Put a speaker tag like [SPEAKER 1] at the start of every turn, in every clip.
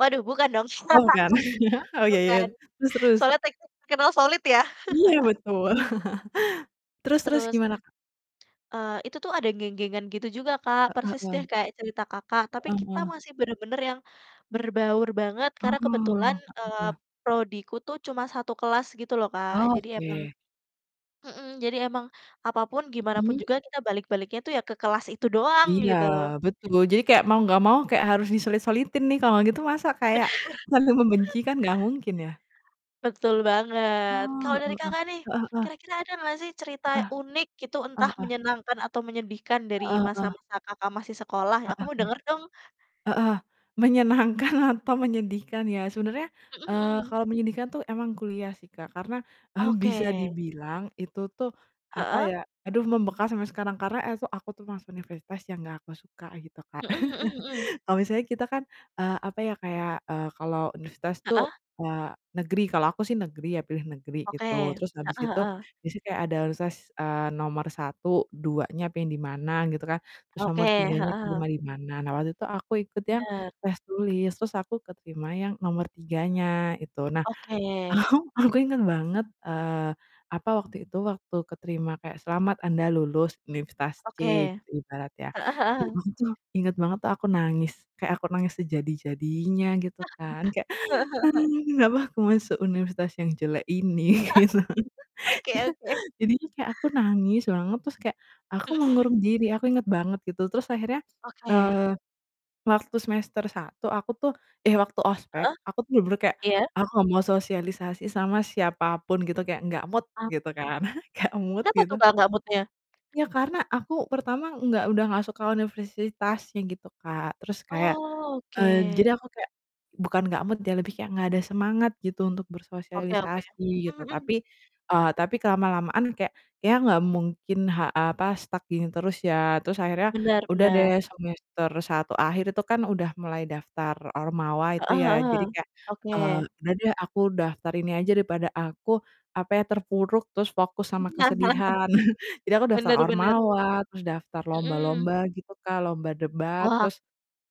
[SPEAKER 1] Waduh bukan dong,
[SPEAKER 2] Oh bukan, oh ya ya,
[SPEAKER 1] bukan,
[SPEAKER 2] terus terus?
[SPEAKER 1] soalnya terkenal solid ya
[SPEAKER 2] Iya betul, terus terus
[SPEAKER 1] Terus,
[SPEAKER 2] gimana, Kak?
[SPEAKER 1] eee, itu tuh ada geng-gengan gitu juga Kak,
[SPEAKER 2] Heeh
[SPEAKER 1] persis
[SPEAKER 2] heeh.
[SPEAKER 1] deh kayak cerita Kakak, tapi
[SPEAKER 2] Heeh
[SPEAKER 1] kita
[SPEAKER 2] heeh.
[SPEAKER 1] masih bener-bener yang berbaur banget,
[SPEAKER 2] Oh,
[SPEAKER 1] karena kebetulan,
[SPEAKER 2] heeh
[SPEAKER 1] eee,
[SPEAKER 2] heeh.
[SPEAKER 1] prodiku tuh cuma 1 kelas gitu loh Kak, jadi emang
[SPEAKER 2] Oke.
[SPEAKER 1] mhm, jadi emang apapun, gimana pun
[SPEAKER 2] Mhm.
[SPEAKER 1] juga, kita balik-baliknya tuh ya ke kelas itu doang
[SPEAKER 2] Iya,
[SPEAKER 1] gitu.
[SPEAKER 2] betul, jadi kayak
[SPEAKER 1] M
[SPEAKER 2] mau nggak mau kayak harus disulit-sulitin nih, kalau gitu masa kayak
[SPEAKER 1] Bener!
[SPEAKER 2] saling membenci kan nggak mungkin ya.
[SPEAKER 1] Betul banget.
[SPEAKER 2] Oh,
[SPEAKER 1] Kalau dari
[SPEAKER 2] heeh heeh,
[SPEAKER 1] Kakak nih
[SPEAKER 2] heeh heeh.
[SPEAKER 1] kira-kira ada nggak sih? Cerita
[SPEAKER 2] Heeh.
[SPEAKER 1] unik gitu,
[SPEAKER 2] Heeh
[SPEAKER 1] entah
[SPEAKER 2] heeh.
[SPEAKER 1] menyenangkan atau menyedihkan dari
[SPEAKER 2] Heeh heeh.
[SPEAKER 1] masa-masa Kakak masih sekolah? Aku
[SPEAKER 2] Heeh.
[SPEAKER 1] mau denger dong.
[SPEAKER 2] Heeh, menyenangkan atau menyedihkan ya. Sebenernya,
[SPEAKER 1] Mhm
[SPEAKER 2] eee,
[SPEAKER 1] mhm.
[SPEAKER 2] kalau menyedihkan tuh emang kuliah sih Kak, karena, eee, bisa
[SPEAKER 1] Oke.
[SPEAKER 2] dibilang, itu apa
[SPEAKER 1] Heeh.
[SPEAKER 2] ya, aduh membekas sampai sekarang karena es aku tuh masuk universitas yang gak aku suka gitu Kak.
[SPEAKER 1] Mhm mhm mhm.
[SPEAKER 2] Kalau misalnya kita kan, eee, apa ya kayak, eee, kalau universitas tuh
[SPEAKER 1] Heeh.
[SPEAKER 2] wa negeri, kalau aku sih negeri ya, pilih negeri
[SPEAKER 1] Oke,
[SPEAKER 2] gitu, terus habis
[SPEAKER 1] heeh
[SPEAKER 2] itu
[SPEAKER 1] heeh.
[SPEAKER 2] di situ kayak ada universitas, eee, nomor 1, 2-nya pengen di mana gitu kan, terus
[SPEAKER 1] Oke,
[SPEAKER 2] nomor 3-nya
[SPEAKER 1] heeh.
[SPEAKER 2] keterima di mana. Nah waktu itu aku ikut yang
[SPEAKER 1] Bener.
[SPEAKER 2] test tulis, terus aku keterima yang nomor 3-nya itu. Nah
[SPEAKER 1] Oke.
[SPEAKER 2] ahu aku inget banget, eee, apa, waktu itu, waktu keterima kayak, "Selamat anda lulus Universitas
[SPEAKER 1] Oke,
[SPEAKER 2] C," ibaratnya,
[SPEAKER 1] heeh
[SPEAKER 2] nah
[SPEAKER 1] heeh.
[SPEAKER 2] aku tuh inget banget tuh aku nangis, kayak aku nangis sejadi-jadinya gitu kan kayak,
[SPEAKER 1] Heeh heeh heeh.
[SPEAKER 2] "Kenapa aku masuk Universitas yang jelek ini?" Gitu.
[SPEAKER 1] Oke oke.
[SPEAKER 2] Jadinya kayak aku nangis banget terus kayak aku
[SPEAKER 1] Mhm mhm.
[SPEAKER 2] mengurung diri, aku inget banget gitu. Terus akhirnya,
[SPEAKER 1] Oke.
[SPEAKER 2] eee, waktu semester 1 aku tuh eh waktu ospek,
[SPEAKER 1] Heeh,
[SPEAKER 2] aku tuh bener-bener kayak,
[SPEAKER 1] iya.
[SPEAKER 2] aku gak mau sosialisasi sama siapapun gitu, kayak nggak mood
[SPEAKER 1] A
[SPEAKER 2] gitu kan, enggak mood
[SPEAKER 1] Kenapa tuh
[SPEAKER 2] gitu.
[SPEAKER 1] Kak gak mood-nya?
[SPEAKER 2] Ya karena aku pertama enggak udah nggak suka universitasnya gitu Kak. Terus kayak eee,
[SPEAKER 1] Oke.
[SPEAKER 2] jadi aku kayak bukan nggak mood ya, lebih kayak nggak ada semangat gitu untuk
[SPEAKER 1] Oke oke,
[SPEAKER 2] bersosialisasi gitu,
[SPEAKER 1] mhm mhm.
[SPEAKER 2] tapi eee, tapi kelama-lamaan kayak, ya nggak mungkin ha apa, stuck gini terus ya, terus akhirnya
[SPEAKER 1] Benar
[SPEAKER 2] udah deh
[SPEAKER 1] benar.
[SPEAKER 2] semester 1 akhir itu kan udah mulai daftar ormawa itu
[SPEAKER 1] Heeh
[SPEAKER 2] ya, jadi
[SPEAKER 1] heeh,
[SPEAKER 2] kayak, eee,
[SPEAKER 1] oke.
[SPEAKER 2] "Udah deh aku daftar ini aja daripada aku apa ya, terpuruk terus fokus sama kesedihan." Jadi aku daftar
[SPEAKER 1] Benar benar.
[SPEAKER 2] ormawa, terus daftar
[SPEAKER 1] Mhm.
[SPEAKER 2] lomba-lomba gitu Kak, lomba debat
[SPEAKER 1] Wah.
[SPEAKER 2] terus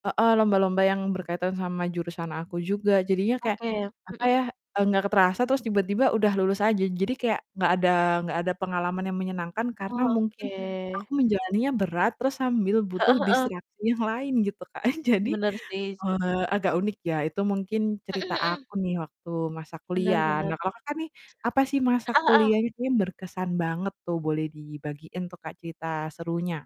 [SPEAKER 2] heeh, lomba-lomba yang berkaitan sama jurusan aku juga, jadinya kayak
[SPEAKER 1] Oke,
[SPEAKER 2] apa
[SPEAKER 1] mhm.
[SPEAKER 2] ya, eee, nggak terasa terus tiba-tiba udah lulus aja. Jadi kayak nggak ada nggak ada pengalaman yang menyenangkan karena
[SPEAKER 1] Oh,
[SPEAKER 2] mungkin
[SPEAKER 1] oke.
[SPEAKER 2] aku menjalaninya berat, terus sambil butuh
[SPEAKER 1] Heeh heeh.
[SPEAKER 2] distraksi yang lain gitu Kak. Jadi,
[SPEAKER 1] Bener sih s
[SPEAKER 2] eee, agak unik. Ya itu mungkin
[SPEAKER 1] Mhm
[SPEAKER 2] cerita
[SPEAKER 1] mhm.
[SPEAKER 2] aku nih waktu masa
[SPEAKER 1] Benar
[SPEAKER 2] kuliah,
[SPEAKER 1] benar.
[SPEAKER 2] nah kalo Kakak nih, apa sih masa
[SPEAKER 1] Heeh heeh.
[SPEAKER 2] kuliahnya ini berkesan banget tuh? Boleh dibagiin tuh Kak cerita serunya?